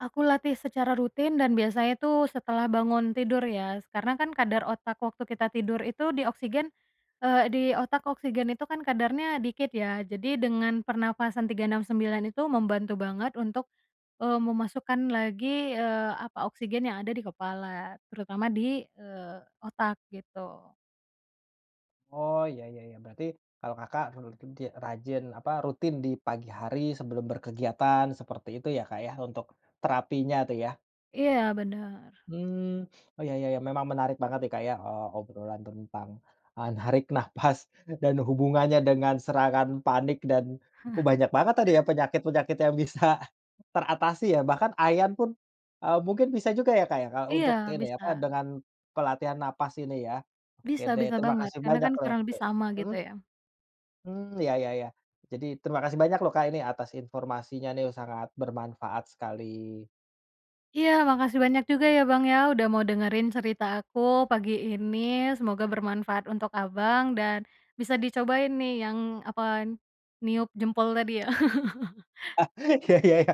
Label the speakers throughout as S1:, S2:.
S1: Aku latih secara rutin dan biasanya tuh setelah bangun tidur ya, karena kan kadar otak waktu kita tidur itu di oksigen, eee, di otak oksigen itu kan kadarnya dikit, ya. Jadi dengan pernafasan 3-6-9 itu membantu banget untuk, eee, memasukkan lagi, eee, apa, oksigen yang ada di kepala, terutama di, eee, otak, gitu.
S2: Oh, iya iya iya, berarti kalau Kakak rutin ti rajin, apa, rutin di pagi hari sebelum berkegiatan seperti itu ya, Kak, ya, untuk terapinya tuh, ya?
S1: Iya, bener.
S2: Hmm, oh iya iya. Memang menarik banget nih, Kak ya, eee, obrolan tentang, ah, narik nafas dan hubungannya dengan serangan panik dan oh banyak banget tadi ya, penyakit-penyakit yang bisa teratasi, ya. Bahkan ayan pun, eee, mungkin bisa juga ya, Kak, ya, kayak
S1: Iya,
S2: untuk ini,
S1: bisa.
S2: apa, dengan pelatihan nafas ini, ya. Oke
S1: Bisa,
S2: deh,
S1: bisa
S2: terima
S1: banget,
S2: kasih
S1: karena
S2: banyak,
S1: kan
S2: loh
S1: kurang lebih
S2: eee,
S1: sama, gitu,
S2: mhm?
S1: ya.
S2: Hmm, iya iya iya, jadi terima kasih banyak loh, Kak, ini atas informasinya, nih. Sangat bermanfaat sekali.
S1: Iya, makasih banyak juga ya, Bang, ya. Udah mau dengerin cerita aku pagi ini. Semoga bermanfaat untuk Abang dan bisa dicobain nih yang, apa, niup jempol tadi, ya.
S2: Ah, iya iya iya.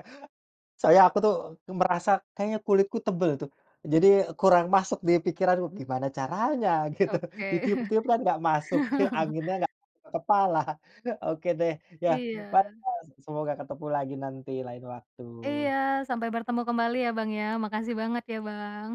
S2: Soalnya aku tuh merasa kayaknya kulitku tebel tuh, jadi kurang masuk di pikiran gimana caranya, gitu.
S1: Oke.
S2: Ditiup-tiup kan enggak masuk, ke anginnya enggak kepala. Oke, deh, ya.
S1: Iya.
S2: [unintelligible] Semoga ketemu lagi nanti lain
S1: Iya,
S2: waktu.
S1: sampai bertemu kembali ya, Bang, ya. Makasih banget ya, Bang.